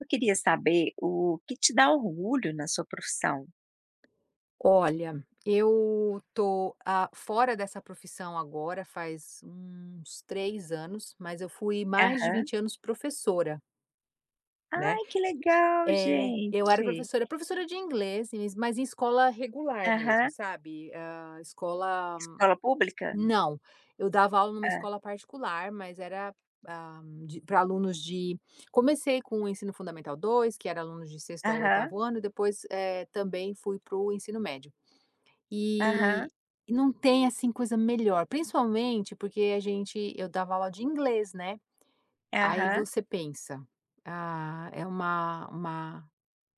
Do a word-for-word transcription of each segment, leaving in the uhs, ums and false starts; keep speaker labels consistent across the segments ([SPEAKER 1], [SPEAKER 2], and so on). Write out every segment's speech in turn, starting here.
[SPEAKER 1] Eu queria saber o que te dá orgulho na sua profissão?
[SPEAKER 2] Olha, eu tô, hã, fora dessa profissão agora faz uns três anos mas eu fui mais de
[SPEAKER 1] Aham.
[SPEAKER 2] vinte anos professora né
[SPEAKER 1] Ai que legal,
[SPEAKER 2] É, eu era
[SPEAKER 1] gente.
[SPEAKER 2] professora professora de inglês, mas em escola regular mesmo,
[SPEAKER 1] Aham.
[SPEAKER 2] sabe. Hã, escola
[SPEAKER 1] Escola pública?
[SPEAKER 2] Não, eu dava aula em uma
[SPEAKER 1] Hã.
[SPEAKER 2] escola particular, mas era, hã, de para alunos de comecei com o ensino fundamental dois, que era alunos de sexto ao
[SPEAKER 1] Aham.
[SPEAKER 2] oitavo ano, e depois, eh, também fui para o ensino médio. E
[SPEAKER 1] Aham
[SPEAKER 2] e não tem, assim, coisa melhor, principalmente porque a gente eu dava aula de inglês, né. Aí
[SPEAKER 1] Aham.
[SPEAKER 2] você pensa: "Ah, é uma uma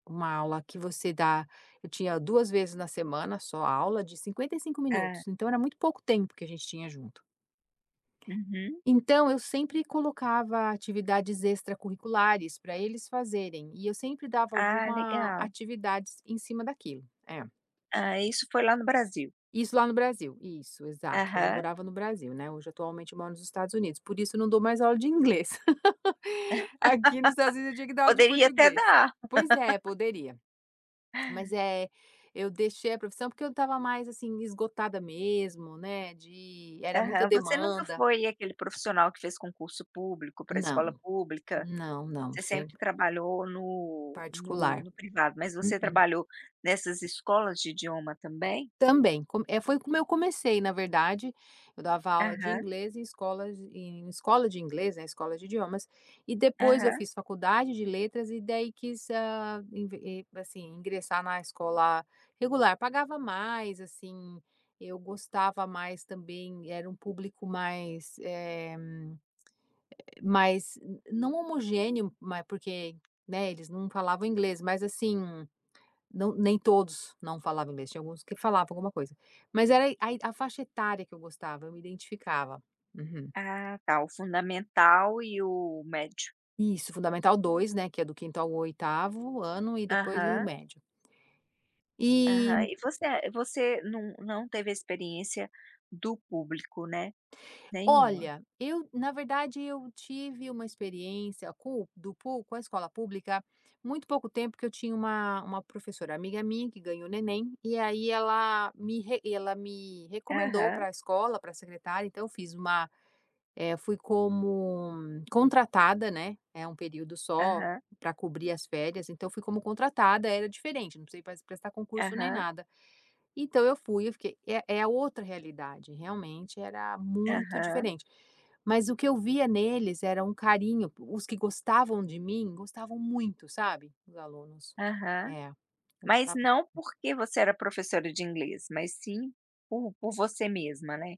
[SPEAKER 2] uma aula que você dá". Eu tinha duas vezes na semana, só aula de cinquenta e cinco
[SPEAKER 1] Hã.
[SPEAKER 2] minutos, então, era muito pouco tempo que a gente tinha junto.
[SPEAKER 1] Uhum.
[SPEAKER 2] Então, eu sempre colocava atividades extracurriculares para eles fazerem, e eu sempre dava
[SPEAKER 1] Ah,
[SPEAKER 2] alguma
[SPEAKER 1] legal.
[SPEAKER 2] atividades em cima daquilo, é.
[SPEAKER 1] Ah, isso foi lá no Brasil.
[SPEAKER 2] Isso lá no Brasil, isso, exato, quando eu
[SPEAKER 1] Aham.
[SPEAKER 2] morava no Brasil, né. Hoje, atualmente, eu moro nos Estados Unidos, por isso eu não dou mais aula de inglês. Aqui nos Estados Unidos, eu tinha que dar aula de
[SPEAKER 1] Poderia até
[SPEAKER 2] português.
[SPEAKER 1] dar.
[SPEAKER 2] Pois é, poderia. Mas, eh, eu deixei a profissão, porque eu estava mais, assim, esgotada mesmo, né, de era muita
[SPEAKER 1] Aham, você nunca
[SPEAKER 2] demanda.
[SPEAKER 1] foi aquele profissional que fez concurso público pra
[SPEAKER 2] Não,
[SPEAKER 1] escola pública,
[SPEAKER 2] não, não,
[SPEAKER 1] você sempre
[SPEAKER 2] sempre
[SPEAKER 1] trabalhou no no
[SPEAKER 2] particular,
[SPEAKER 1] no privado. Mas você
[SPEAKER 2] uhum.
[SPEAKER 1] trabalhou nessas escolas de idioma, também?
[SPEAKER 2] Também, com é, foi como eu comecei, na verdade. Eu dava aula de
[SPEAKER 1] Aham.
[SPEAKER 2] inglês em escolas em escola de inglês, né, escola de idiomas, e depois eu
[SPEAKER 1] Aham.
[SPEAKER 2] fiz faculdade de letras e daí quis, hã, inve e assim, ingressar na escola regular. Pagava mais, assim, eu gostava mais também. Era um público mais, eh, mais não homogêneo, mas porque, né, eles não falavam inglês, mas, assim, nã nem todos não falavam inglês, tinha alguns que falavam alguma coisa. Mas era aí Ai, a faixa etária que eu gostava, eu me identificava uhum.
[SPEAKER 1] Ah, tá, o fundamental e o médio.
[SPEAKER 2] Isso, fundamental dois, né, que é do quinto ao oitavo ano e depois o
[SPEAKER 1] Aham.
[SPEAKER 2] médio. E
[SPEAKER 1] Aham. E você você não não teve a experiência do público, né, nenhuma.
[SPEAKER 2] Olha, eu, na verdade, eu tive uma experiência com do pu com a escola pública, muito pouco tempo, que eu tinha uma uma professora amiga minha que ganhou neném, e aí ela me re ela me recomendou
[SPEAKER 1] Aham.
[SPEAKER 2] para a escola, para a secretária. Então eu fiz uma eh, fui como contratada, né. É um período só,
[SPEAKER 1] Aham
[SPEAKER 2] para cobrir as férias, então fui como contratada. Era diferente, não precisei pas prestar concurso, nem
[SPEAKER 1] Aham.
[SPEAKER 2] nada. Então eu fui, eu fiquei é é outra realidade, realmente era muito
[SPEAKER 1] Aham.
[SPEAKER 2] diferente. Mas o que eu via neles era um carinho, o os que gostavam de mim, gostavam muito, sabe, os alunos.
[SPEAKER 1] Aham.
[SPEAKER 2] É
[SPEAKER 1] Mas não
[SPEAKER 2] [unintelligible]
[SPEAKER 1] porque você era professora de inglês, mas, sim, por por você mesma, né.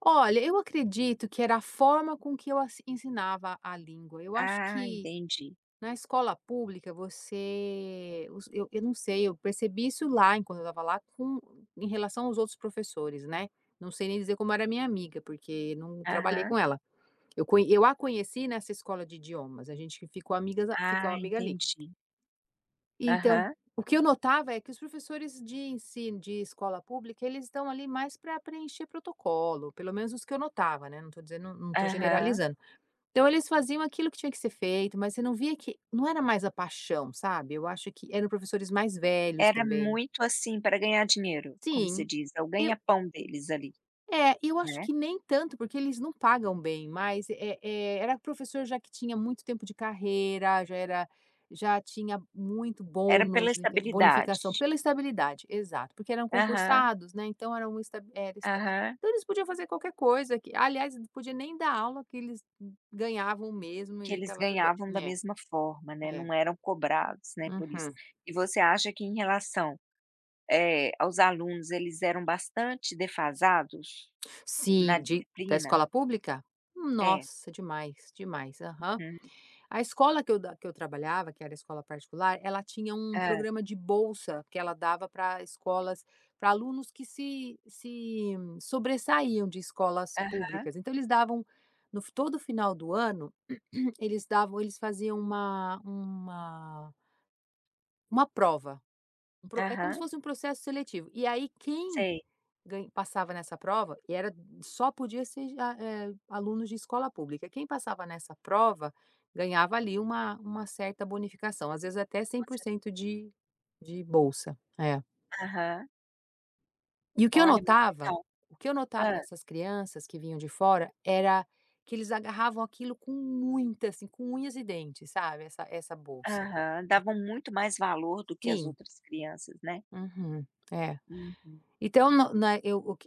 [SPEAKER 2] Olha, eu acredito que era a forma com que eu as ensinava a língua, eu acho
[SPEAKER 1] Ah,
[SPEAKER 2] que,
[SPEAKER 1] entendi.
[SPEAKER 2] na escola pública você, os eu eu não sei, eu percebi isso lá enquanto eu estava lá com em relação aos outros professores, né, não sei nem dizer como era a minha amiga, porque não trabalhei
[SPEAKER 1] Aham.
[SPEAKER 2] com ela. Eu con eu a conheci nessa escola de idiomas, a gente ficou amigas a ficava
[SPEAKER 1] Ah,
[SPEAKER 2] amiga, ali.
[SPEAKER 1] entendi.
[SPEAKER 2] E, então,
[SPEAKER 1] Aham.
[SPEAKER 2] o que eu notava, é que os professores de ensi de escola pública, eles estão, ali, mais para preencher protocolo, pelo menos os que eu notava, né, não tô dizendo não tô
[SPEAKER 1] Aham.
[SPEAKER 2] generalizando. Então, eles faziam aquilo que tinha que ser feito, mas você não via que não era mais a paixão, sabe. Eu acho que eram professores mais velhos
[SPEAKER 1] Era
[SPEAKER 2] também.
[SPEAKER 1] muito, assim, pra ganhar dinheiro, como se
[SPEAKER 2] Sim.
[SPEAKER 1] diz: "É o
[SPEAKER 2] Eu
[SPEAKER 1] ganha pão deles", ali,
[SPEAKER 2] é, eu acho
[SPEAKER 1] né?
[SPEAKER 2] que nem tanto, porque eles não pagam bem, mas é é era professor já que tinha muito tempo de carreira, já era já tinha muito
[SPEAKER 1] Era pela
[SPEAKER 2] bônus, enten
[SPEAKER 1] estabilidade.
[SPEAKER 2] bonificação pela estabilidade, exato! Porque eram
[SPEAKER 1] Aham.
[SPEAKER 2] concursados, né, então, era uma esta era esta
[SPEAKER 1] Aham.
[SPEAKER 2] então, eles podiam fazer qualquer coisa que aliás podia nem dar aula que eles, hum, ganhavam mesmo
[SPEAKER 1] Que
[SPEAKER 2] e
[SPEAKER 1] eles
[SPEAKER 2] estava tudo bem,
[SPEAKER 1] ganhavam da
[SPEAKER 2] ne.
[SPEAKER 1] mesma forma, né,
[SPEAKER 2] É.
[SPEAKER 1] não eram cobrados, né, por isso.
[SPEAKER 2] Uhum.
[SPEAKER 1] E você acha que em relação, eh, aos alunos eles eram bastante defasados, na
[SPEAKER 2] Sim, de -da
[SPEAKER 1] disciplina?
[SPEAKER 2] escola pública?
[SPEAKER 1] É.
[SPEAKER 2] Nossa! Demais, demais, aham.
[SPEAKER 1] Uhum.
[SPEAKER 2] A escola que eu da que eu trabalhava, que era a escola particular, ela tinha um
[SPEAKER 1] Hã.
[SPEAKER 2] programa de bolsa que ela dava pra escolas pra alunos que se se sobressaíam de escolas
[SPEAKER 1] Aham.
[SPEAKER 2] públicas, então, eles davam no todo final do ano, eles davam eles faziam uma uma uma prova, um pro é como se
[SPEAKER 1] Aham.
[SPEAKER 2] fosse um processo seletivo, e aí, quem
[SPEAKER 1] Sei.
[SPEAKER 2] gan passava nessa prova e era só podia ser de a eh, alunos de escola pública, quem passava nessa prova ganhava, ali, uma uma certa bonificação, às vezes até cem por
[SPEAKER 1] Você
[SPEAKER 2] cento de de bolsa. É.
[SPEAKER 1] Aham.
[SPEAKER 2] E o que eu
[SPEAKER 1] Olha, muito
[SPEAKER 2] notava,
[SPEAKER 1] legal,
[SPEAKER 2] o que eu notava
[SPEAKER 1] hã.
[SPEAKER 2] nessas crianças que vinham de fora era que eles agarravam aquilo com muita, assim, com unhas e dentes, sabe. Essa essa bolsa.
[SPEAKER 1] Aham, davam muito mais valor do que as
[SPEAKER 2] Sim.
[SPEAKER 1] outras crianças, né?
[SPEAKER 2] Uhum, é,
[SPEAKER 1] Uhum.
[SPEAKER 2] então, na não, na ok,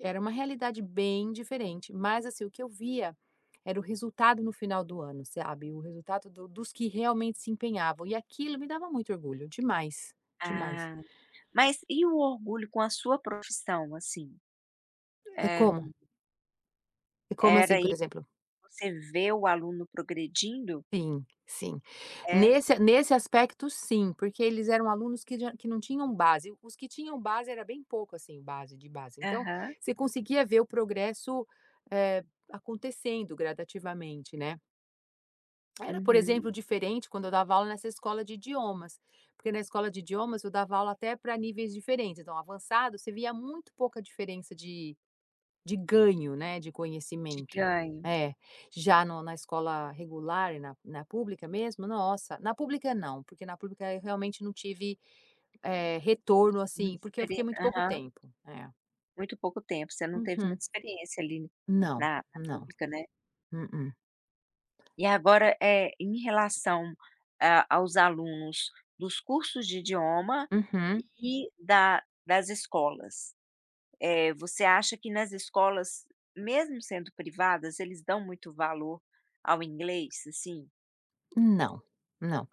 [SPEAKER 2] eu era uma realidade bem diferente. Mas, assim, o que eu via era o resultado no final do ano, sabe. O resultado do dos que realmente se empenhavam e aquilo me dava muito orgulho. Demais, demais.
[SPEAKER 1] Ah, mas e o orgulho com a sua profissão, assim,
[SPEAKER 2] É
[SPEAKER 1] eh.
[SPEAKER 2] como? É como
[SPEAKER 1] Era
[SPEAKER 2] assim, por
[SPEAKER 1] aí,
[SPEAKER 2] exemplo?
[SPEAKER 1] você vê o aluno progredindo?
[SPEAKER 2] Sim, sim.
[SPEAKER 1] É.
[SPEAKER 2] Nesse nesse aspecto, sim, porque eles eram alunos que já que não tinham base. Os que tinham base era bem pouco, assim, base de base. Então
[SPEAKER 1] Aham.
[SPEAKER 2] você conseguia ver o progresso, eh, acontecendo gradativamente, né era, por
[SPEAKER 1] Uhum.
[SPEAKER 2] exemplo, diferente quando eu dava aula nessa escola de idiomas, porque na escola de idiomas eu dava aula até pra níveis diferentes. Então, avançado, você via muito pouca diferença de de ganho, né, de
[SPEAKER 1] De
[SPEAKER 2] conhecimento.
[SPEAKER 1] ganho.
[SPEAKER 2] É, já no na escola regular e na na pública mesmo. Nossa, na pública não, porque na pública eu realmente não tive, eh, retorno,
[SPEAKER 1] Muito,
[SPEAKER 2] assim, porque eu
[SPEAKER 1] experi
[SPEAKER 2] fiquei muito pouco
[SPEAKER 1] aham.
[SPEAKER 2] tempo, eh.
[SPEAKER 1] Muito pouco tempo, você não teve
[SPEAKER 2] Uhum.
[SPEAKER 1] muita experiência ali
[SPEAKER 2] Não,
[SPEAKER 1] na, na
[SPEAKER 2] não,
[SPEAKER 1] pública, né?
[SPEAKER 2] mm-mm.
[SPEAKER 1] E agora, eh, em relação a aos alunos dos cursos de idioma
[SPEAKER 2] Uhum.
[SPEAKER 1] e da das escolas, eh, você acha que, nas escolas mesmo sendo privadas, eles dão muito valor ao inglês, assim?
[SPEAKER 2] Não, não.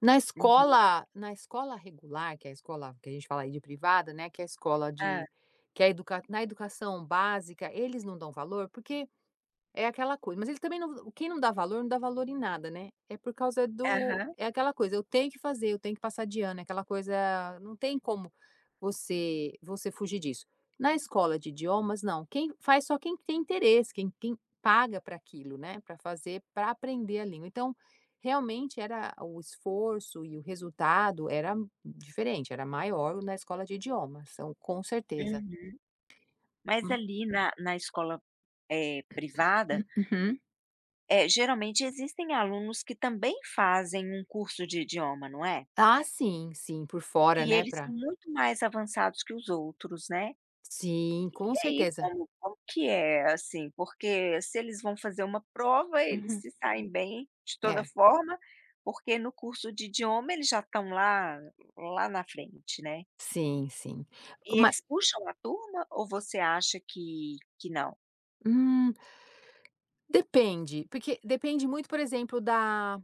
[SPEAKER 2] Na
[SPEAKER 1] Uhum.
[SPEAKER 2] escola na escola regular que é a escola, que a gente fala aí de privada, né, que é a escola
[SPEAKER 1] Hã.
[SPEAKER 2] de, que a edu na educação básica eles não dão valor, porque, é aquela coisa mas eles, também, não quem não dá valor não dá valor em nada, né. É por causa do
[SPEAKER 1] Aham.
[SPEAKER 2] é aquela coisa eu tenho que fazer, tenho que passar de ano, é aquela coisa, não tem como você você fugir disso. Na escola de idiomas não, quem faz só quem tem interesse, quem quem paga para aquilo, né, pra fazer, pra aprender a língua. Então, realmente era o esforço e o resultado era diferente, era maior na escola de idiomas, são com certeza.
[SPEAKER 1] Uhum. Mas,
[SPEAKER 2] Hum.
[SPEAKER 1] ali, na na escola, eh, privada,
[SPEAKER 2] Uhum.
[SPEAKER 1] eh, geralmente existem alunos que, também, fazem um curso de idioma, não é?
[SPEAKER 2] Ah, sim sim por fora,
[SPEAKER 1] E
[SPEAKER 2] né,
[SPEAKER 1] eles são
[SPEAKER 2] pra
[SPEAKER 1] muito mais avançados que os outros, né.
[SPEAKER 2] Sim, com
[SPEAKER 1] E aí
[SPEAKER 2] certeza.
[SPEAKER 1] como como que é, assim, porque se eles vão fazer uma prova eles
[SPEAKER 2] Uhum.
[SPEAKER 1] se saem bem de toda
[SPEAKER 2] É.
[SPEAKER 1] forma, porque no curso de idioma eles já estão lá lá na frente, né.
[SPEAKER 2] Sim sim.
[SPEAKER 1] E
[SPEAKER 2] Uma
[SPEAKER 1] eles puxam a turma ou você acha que que não?
[SPEAKER 2] Hum. Depende, porque depende muito, por exemplo, da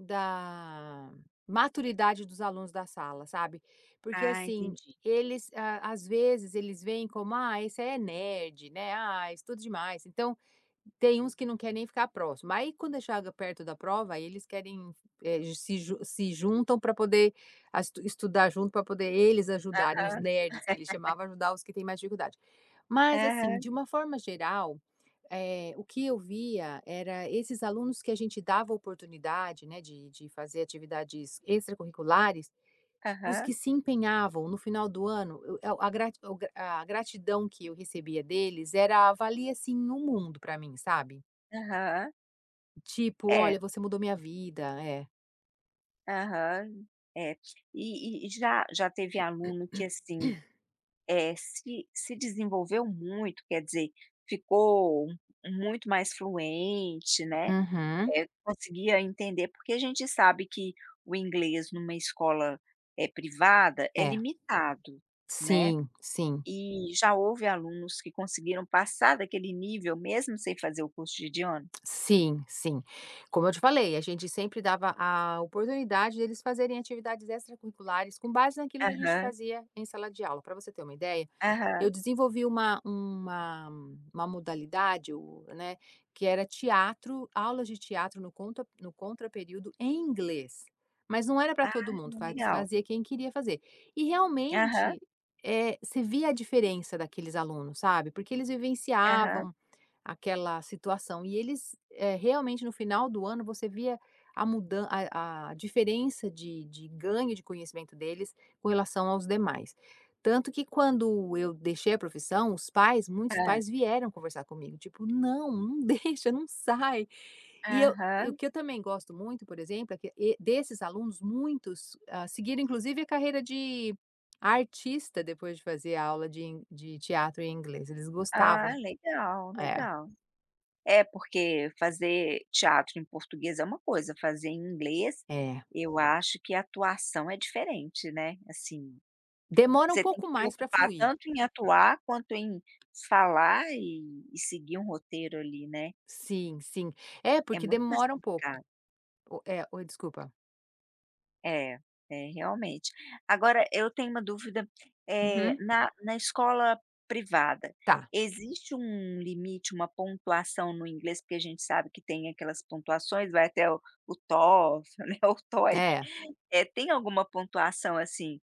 [SPEAKER 2] da maturidade dos alunos da sala, sabe? Porque,
[SPEAKER 1] Ah
[SPEAKER 2] assim,
[SPEAKER 1] entendi.
[SPEAKER 2] eles às vezes, eles veem como: "Ah, esse é nerd", né? "Ah, estuda demais". Então, tem uns que não querem nem ficar próximo, aí quando é chegado perto da prova, aí eles querem, se ju se juntam para poder as estudar junto, para poder eles ajudarem, os
[SPEAKER 1] Aham.
[SPEAKER 2] nerds que eles chamavam ajudar os que têm mais dificuldade. Mas, assim,
[SPEAKER 1] Aham.
[SPEAKER 2] de uma forma geral, eh, o que eu via era esses alunos que a gente dava oportunidade, né, de de fazer atividades extracurriculares, os
[SPEAKER 1] Aham.
[SPEAKER 2] que se empenhavam no final do ano, a o a gratidão que eu recebia deles era valia, assim, um mundo para mim, sabe?
[SPEAKER 1] Aham.
[SPEAKER 2] Tipo
[SPEAKER 1] É.
[SPEAKER 2] olha você mudou minha vida, é.
[SPEAKER 1] Aham, é. E e já já teve aluno que, assim, eh, se se desenvolveu muito quer dizer, ficou muito mais fluente, né,
[SPEAKER 2] Uhum.
[SPEAKER 1] eh, conseguia entender, porque a gente sabe que o inglês numa escola, eh, privada é
[SPEAKER 2] É.
[SPEAKER 1] limitado, né,
[SPEAKER 2] Sim, sim.
[SPEAKER 1] e já houve alunos que conseguiram passar daquele nível mesmo sem fazer o curso de idioma.
[SPEAKER 2] Sim, sim. Como eu te falei, a gente sempre dava a oportunidade de eles fazerem atividades extracurriculares com base naquilo que a gente
[SPEAKER 1] Aham.
[SPEAKER 2] fazia em sala de aula. Para você ter uma ideia, eu
[SPEAKER 1] Aham.
[SPEAKER 2] desenvolvi uma uma uma modalidade o né, que era teatro, aulas de teatro no contra no contraperíodo em inglês. Mas não era para
[SPEAKER 1] Ah,
[SPEAKER 2] todo
[SPEAKER 1] que
[SPEAKER 2] mundo,
[SPEAKER 1] legal.
[SPEAKER 2] fazia quem queria fazer. E
[SPEAKER 1] Aham.
[SPEAKER 2] realmente, eh, você via a diferença daqueles alunos, sabe, porque eles
[SPEAKER 1] Aham.
[SPEAKER 2] vivenciavam aquela situação e eles, eh, realmente no final do ano você via a mudança, a a diferença de de ganho de conhecimento deles com relação aos demais. Tanto que quando eu deixei a profissão, os pais, muitos
[SPEAKER 1] Hã.
[SPEAKER 2] pais vieram conversar comigo, tipo: "Não, não deixa, não sai". E eu e o
[SPEAKER 1] Aham.
[SPEAKER 2] que eu também gosto muito, por exemplo, é que e desses alunos muitos, hã, seguiram inclusive a carreira de artista depois de fazer aula de in de teatro em inglês, eles gostavam
[SPEAKER 1] Ah legal,
[SPEAKER 2] é.
[SPEAKER 1] legal. É porque fazer teatro em português é uma coisa, fazer em inglês,
[SPEAKER 2] É.
[SPEAKER 1] eu acho que atuação é diferente, né, assim,
[SPEAKER 2] Demora um
[SPEAKER 1] você tem
[SPEAKER 2] pouco
[SPEAKER 1] que
[SPEAKER 2] mais para
[SPEAKER 1] preocupar
[SPEAKER 2] fluir.
[SPEAKER 1] tanto em atuar quanto em falar e e seguir um roteiro ali, né.
[SPEAKER 2] Sim, sim, é
[SPEAKER 1] É
[SPEAKER 2] porque
[SPEAKER 1] muito mais
[SPEAKER 2] demora um pouco
[SPEAKER 1] complicado.
[SPEAKER 2] é, oi, desculpa.
[SPEAKER 1] É, é, realmente. Agora eu tenho uma dúvida, eh,
[SPEAKER 2] Uhum.
[SPEAKER 1] na na escola privada,
[SPEAKER 2] Tá.
[SPEAKER 1] existe um limite, uma pontuação no inglês porque a gente sabe que tem aquelas pontuações vai até o o TOEFL, né, o TOEIC.
[SPEAKER 2] É.
[SPEAKER 1] Eh, tem alguma pontuação assim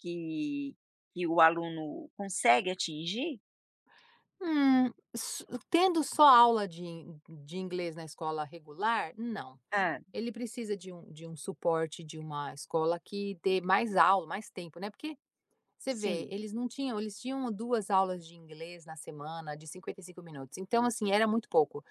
[SPEAKER 1] que que o aluno consegue atingir?
[SPEAKER 2] Hum. S tendo só aula de de inglês na escola regular? Não.
[SPEAKER 1] Hã.
[SPEAKER 2] Ele precisa de um de um suporte de uma escola que dê mais aula, mais tempo, né. Porque, você vê,
[SPEAKER 1] Sim.
[SPEAKER 2] eles não tinham eles tinham duas aulas de inglês na semana, de cinquenta e cinco minutos. Então, assim, era muito pouco.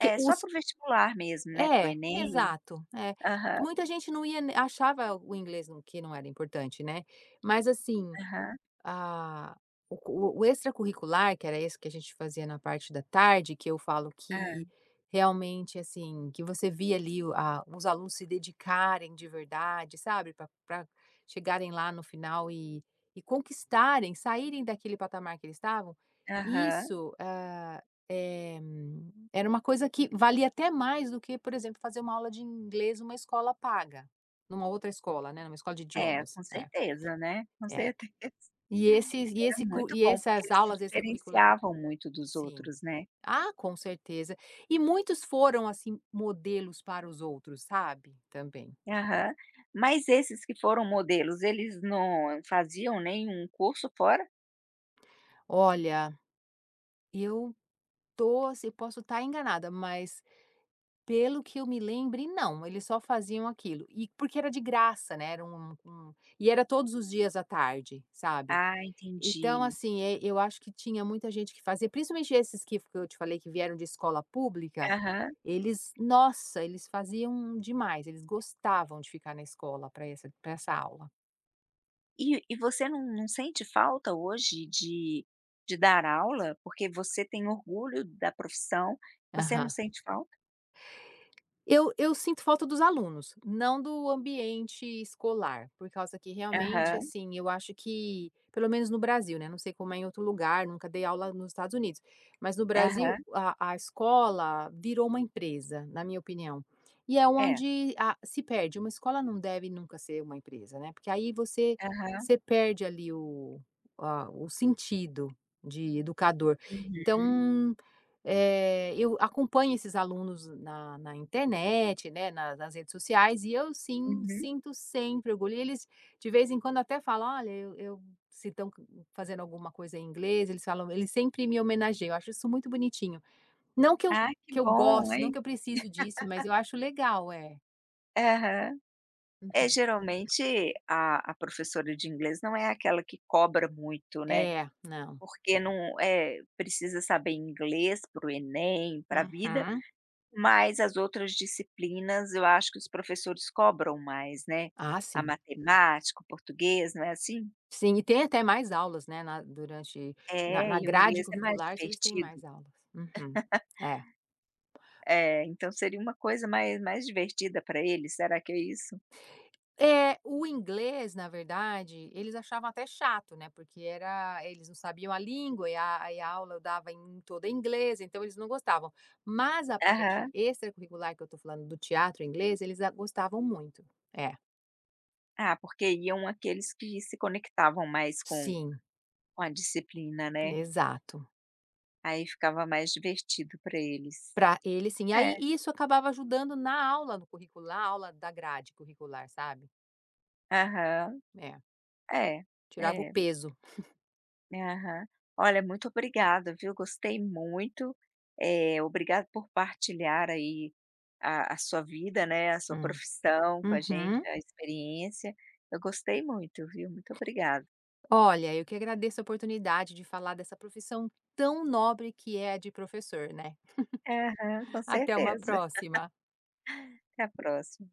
[SPEAKER 2] Que
[SPEAKER 1] É, só
[SPEAKER 2] os
[SPEAKER 1] para o vestibular mesmo, né, para o
[SPEAKER 2] É.
[SPEAKER 1] Enem?
[SPEAKER 2] Exato. É.
[SPEAKER 1] Aham.
[SPEAKER 2] Muita gente não ia n achava o inglês no que não era importante, né. Mas, assim,
[SPEAKER 1] Aham.
[SPEAKER 2] a o o extracurricular que era esse que a gente fazia na parte da tarde, que eu falo
[SPEAKER 1] Hã.
[SPEAKER 2] que, realmente, assim, que você via ali o a os alunos se dedicarem de verdade, sabe, pra pra chegarem lá no final e e conquistarem, saírem daquele patamar que eles estavam,
[SPEAKER 1] Aham.
[SPEAKER 2] isso, hã, eh, era uma coisa que valia até mais do que, por exemplo, fazer uma aula de inglês numa escola paga, numa outra escola, né, numa escola de
[SPEAKER 1] É.
[SPEAKER 2] idiomas.
[SPEAKER 1] Com
[SPEAKER 2] É.
[SPEAKER 1] certeza, né. Com
[SPEAKER 2] É.
[SPEAKER 1] certeza.
[SPEAKER 2] E
[SPEAKER 1] Era
[SPEAKER 2] esses e esse co
[SPEAKER 1] muito
[SPEAKER 2] e
[SPEAKER 1] bom porque
[SPEAKER 2] essas
[SPEAKER 1] eles se
[SPEAKER 2] aulas extracurricula
[SPEAKER 1] diferenciavam muito dos
[SPEAKER 2] sim.
[SPEAKER 1] outros, né.
[SPEAKER 2] Ah, com certeza. E muitos foram, assim, modelos para os outros, sabe, também.
[SPEAKER 1] Aham. Mas esses que foram modelos, eles não faziam nenhum curso fora?
[SPEAKER 2] Olha, eu tô eu posso estar enganada mas, pelo que eu me lembrei não, eles só faziam aquilo, e porque era de graça, né, era um um e era todos os dias à tarde, sabe.
[SPEAKER 1] Ah,
[SPEAKER 2] Então
[SPEAKER 1] entendi.
[SPEAKER 2] assim, eh, eu acho que tinha muita gente que fazia principalmente esses que que eu te falei que vieram de escola pública,
[SPEAKER 1] Aham.
[SPEAKER 2] eles nossa! Eles faziam demais, eles gostavam de ficar na escola para essa para essa aula.
[SPEAKER 1] E e você não não, sente falta hoje de de dar aula, porque você tem orgulho da profissão, você não
[SPEAKER 2] Aham.
[SPEAKER 1] sente falta?
[SPEAKER 2] Eu eu sinto falta dos alunos, não do ambiente escolar, por causa que realmente,
[SPEAKER 1] Aham.
[SPEAKER 2] assim, eu acho que, pelo menos no Brasil, né, não sei como é em outro lugar, nunca dei aula nos Estados Unidos, mas no Brasil
[SPEAKER 1] Aham.
[SPEAKER 2] a a escola virou uma empresa, na minha opinião. E é
[SPEAKER 1] É.
[SPEAKER 2] onde a se perde, uma escola não deve nunca ser uma empresa, né, porque aí você
[SPEAKER 1] Aham.
[SPEAKER 2] você perde ali a o o sentido de educador.
[SPEAKER 1] Uhum.
[SPEAKER 2] Então, eh, eu acompanho esses alunos na na internet né, na nas redes sociais e eu sim,
[SPEAKER 1] Uhum.
[SPEAKER 2] sinto sempre orgulho e eles de vez em quando até falam olha eu eu se estão, co fazendo, alguma coisa em inglês eles falam, eles sempre me homenageiam, eu acho isso muito bonitinho. Não que eu
[SPEAKER 1] Ah que
[SPEAKER 2] que eu
[SPEAKER 1] bom,
[SPEAKER 2] goste, não
[SPEAKER 1] hein?
[SPEAKER 2] que eu precise disso mas eu acho legal é.
[SPEAKER 1] Aham. É,
[SPEAKER 2] Uhum.
[SPEAKER 1] geralmente a a professora de inglês não é aquela que cobra muito, né,
[SPEAKER 2] É, não.
[SPEAKER 1] porque não é, precisa saber inglês para o Enem, para vida,
[SPEAKER 2] Uhum.
[SPEAKER 1] mas as outras disciplinas eu acho que os professores cobram mais, né,
[SPEAKER 2] Ah,
[SPEAKER 1] a
[SPEAKER 2] sim.
[SPEAKER 1] matemática, o português, não é assim?
[SPEAKER 2] Sim, e tem até mais aulas, né, na durante na
[SPEAKER 1] É,
[SPEAKER 2] na
[SPEAKER 1] e o
[SPEAKER 2] grade
[SPEAKER 1] inglês é mais
[SPEAKER 2] curricular se eles têm
[SPEAKER 1] divertido.
[SPEAKER 2] mais aulas. Uhum. É.
[SPEAKER 1] Eh, então seria uma coisa mais mais divertida para eles, será que é isso?
[SPEAKER 2] É, o inglês, na verdade, eles achavam até chato, né, porque era eles não sabiam a língua e a e a aula eu dava em toda inglês, então eles não gostavam. Mas a parte
[SPEAKER 1] Aham.
[SPEAKER 2] extracurricular que eu estou falando, do teatro em inglês, eles a gostavam muito, é.
[SPEAKER 1] Ah, porque iam aqueles que se conectavam mais com
[SPEAKER 2] Sim.
[SPEAKER 1] com a disciplina, né.
[SPEAKER 2] Exato.
[SPEAKER 1] Aí ficava mais divertido para eles.
[SPEAKER 2] Para eles sim.
[SPEAKER 1] É.
[SPEAKER 2] Aí isso acabava ajudando na aula, no currículo, na aula da grade curricular, sabe.
[SPEAKER 1] Aham.
[SPEAKER 2] É.
[SPEAKER 1] É,
[SPEAKER 2] Tirava o
[SPEAKER 1] é.
[SPEAKER 2] peso.
[SPEAKER 1] Aham. Olha muito obrigada, viu, gostei muito. Eh, obrigado por partilhar aí a a sua vida, né, a sua
[SPEAKER 2] Hum,
[SPEAKER 1] profissão com a gente,
[SPEAKER 2] uhum.
[SPEAKER 1] a experiência. Eu gostei muito, viu, muito obrigada.
[SPEAKER 2] Olha, eu que agradeço a oportunidade de falar dessa profissão tão nobre que é a de professor, né.
[SPEAKER 1] Aham, com
[SPEAKER 2] Até uma
[SPEAKER 1] certeza.
[SPEAKER 2] próxima.
[SPEAKER 1] Até a próxima.